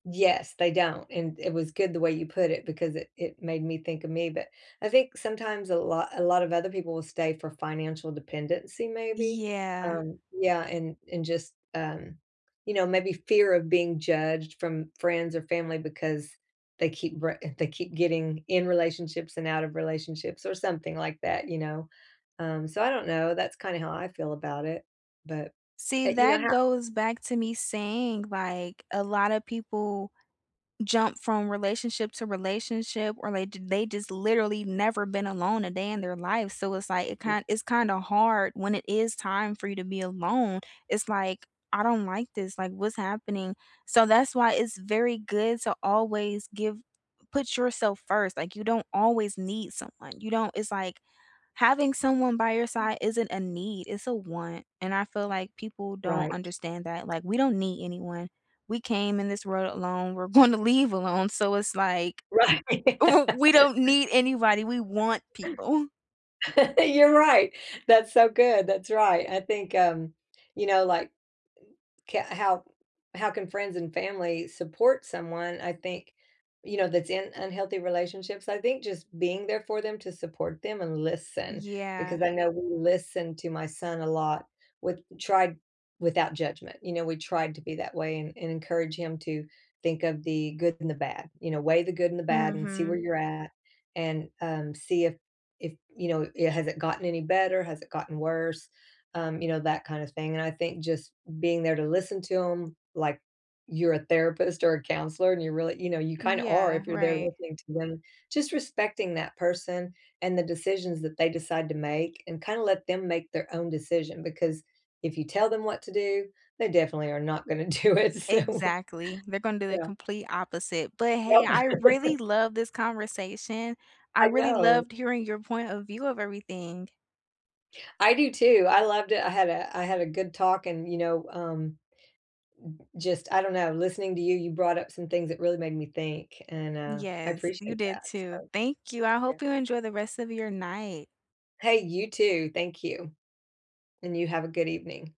Yes, they don't, and it was good the way you put it because it it made me think of me, but, I think sometimes a lot a lot of other people will stay for financial dependency maybe, Yeah. um yeah, and and just, um, you know, maybe fear of being judged from friends or family because they keep re they keep getting in relationships and out of relationships, or something like that, you know? Um, so, I don't know, that's kind of how I feel about it, but, See, uh, you know that how goes back to me saying, like, a lotta people jump from relationship to relationship or they j they just literally never been alone a day in their life, so, it's, like, it Yeah. kin it's kinda hard when it is time for you to be alone. It's, like, "I don't like this, like, what's happening?" So, that's why it's very good to always give put yourself 1st. Like, you don't always need someone, you don't it's like having someone by your side isn't a need, it's a want and I feel like, people don't Right. understand that, like, we don't need anyone, we came in this world alone, we're gonna leave alone, so, it's like, Right. we don't need anybody, we want people. You're right, that's so good, that's right, I think, um, you know, like k how how can friends and family support someone, I think, you know, that's in unhealthy relationships? I think just being there for them to support them and listen because Yeah. I know we listen to my son a lot, with tried without judgment, you know, we try to be that way and and encourage him to think of the good and the bad, you know, "weigh the good and the bad and see where Mhm. you're at and, um, see if if, you know, it has it gotten any better? Has it gotten worse?" Um, you know, that kind of thing and I think just being there to listen to him like you're a therapist or a counselor and you really you know, you kind of are Yeah. if you're there Right. listening to them. Just respecting that person and the decisions that they decide to make and kinda let them make their own decision because if you tell them what to do, they definitely are not going to do it, so Exactly. They're gonna do the Yeah. complete opposite, but, hey, Yep. I really loved this conversation. I I really know. loved hearing your point of view of everything. I do too. I loved it. I had a I had a good talk and, you know, um, u just, I don't know, listening to you, you brought up some things that really made me think, and, uh, I Yes, you appreciate did that, too. so, Thank you, I yeah. hope you enjoy the rest of your night. Hey, you too, thank you. And you have a good evening.